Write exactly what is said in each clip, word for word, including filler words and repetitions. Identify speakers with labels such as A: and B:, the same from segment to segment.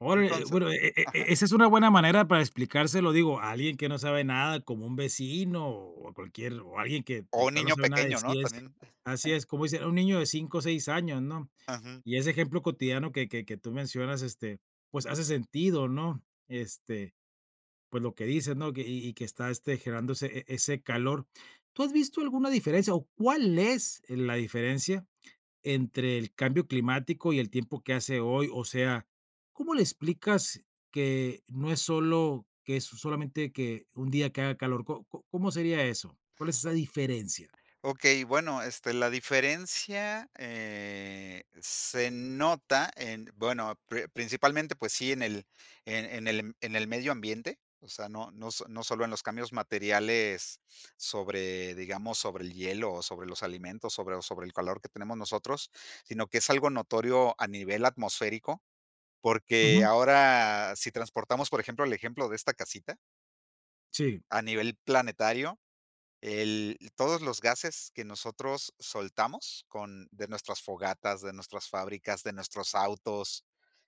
A: Órale,
B: Entonces
A: bueno, e e
B: ajá.
A: e esa es una buena manera para explicárselo, digo, a alguien que no sabe nada, como un vecino, o o, cualquier o alguien que de
B: O, un
A: plano
B: niño
A: sabe nada de
B: pequeño, ¿no?
A: ciencia.
B: También.
A: Así es, como dicen, a un niño de cinco, seis años, ¿no?
B: Ujú.
A: Y ese ejemplo cotidiano que que que tú mencionas, este, pues, hace sentido, ¿no? Este, pues, lo que dices, ¿no? Que y y que está, este, generándose e e ese calor. ¿Tú has visto alguna diferencia, o, cuál es el la diferencia entre el cambio climático y el tiempo que hace hoy? O sea, ¿cómo le explicas que no es solo que es solamente que un día que haga calor? ¿Co co cómo sería eso? ¿Cuál es esa diferencia?
B: Okey, bueno, este, la diferencia, eh, se nota en, bueno, pri principalmente, pues sí, en el en en el en el medio ambiente, o sea, no no s no solo en los cambios materiales sobre, digamos, sobre el hielo, o, sobre los alimentos, sobre, o, sobre el calor que tenemos nosotros, sino que es algo notorio a nivel atmosférico, porque
A: Ujú.
B: ahora, si transportamos, por ejemplo, el ejemplo de esta casita
A: Sí.
B: a nivel planetario, el todos los gases que nosotros soltamos con de nuestras fogatas, de nuestras fábricas, de nuestros autos,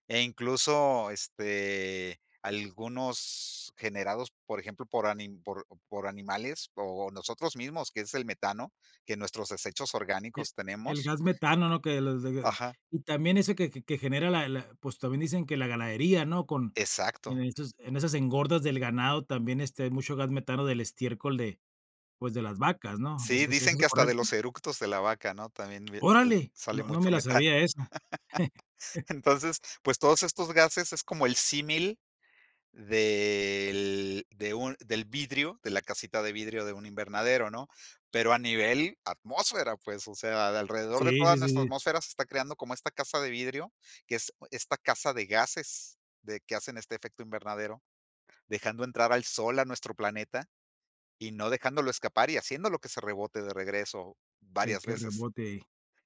B: e, incluso, este, algunos generados, por ejemplo, por ani por por animales, o, nosotros mismos, que es el metano, que en nuestros desechos
A: E
B: orgánicos
A: el
B: tenemos
A: gas metano, ¿no? Que los de
B: Ajá.
A: y también ese que que genera la la, pues, también dicen que la ganadería, ¿no? Con en
B: Exacto.
A: est esas engordas del ganado también, este, hay mucho gas metano del estiércol de, pues, de las vacas, ¿no? ¿Es
B: Sí,
A: es
B: dicen
A: eso
B: que hasta de los
A: correcto?
B: eructos de la vaca, ¿no? También v sa
A: Órale,
B: sale
A: no no
B: mucho
A: me la
B: metano.
A: sabía esa.
B: Entonces, pues, todos estos gases es como el símil del de un del vidrio, de la casita de vidrio de un invernadero, ¿no? Pero a nivel atmósfera, pues, o sea, alrededor de
A: Sí,
B: toda
A: sí, sí,
B: nuestra
A: sí.
B: atmósfera se está creando como esta casa de vidrio, que es esta casa de gases de que hacen este efecto invernadero, dejando entrar al sol a nuestro planeta, y no dejándolo escapar, y haciéndolo que se rebote de regreso
A: Que
B: varias
A: que
B: veces.
A: rebote.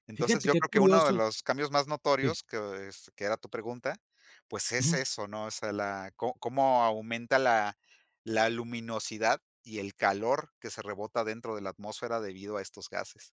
B: Entonces,
A: Fíjate
B: yo
A: qué
B: creo que uno de
A: curioso
B: los cambios más
A: Sí.
B: notorios, que es, que era tu pregunta, pues, es
A: Ujú.
B: eso, ¿no? O sea, la co cómo aumenta la la luminosidad, y el calor que se rebota dentro de la atmósfera debido a estos gases.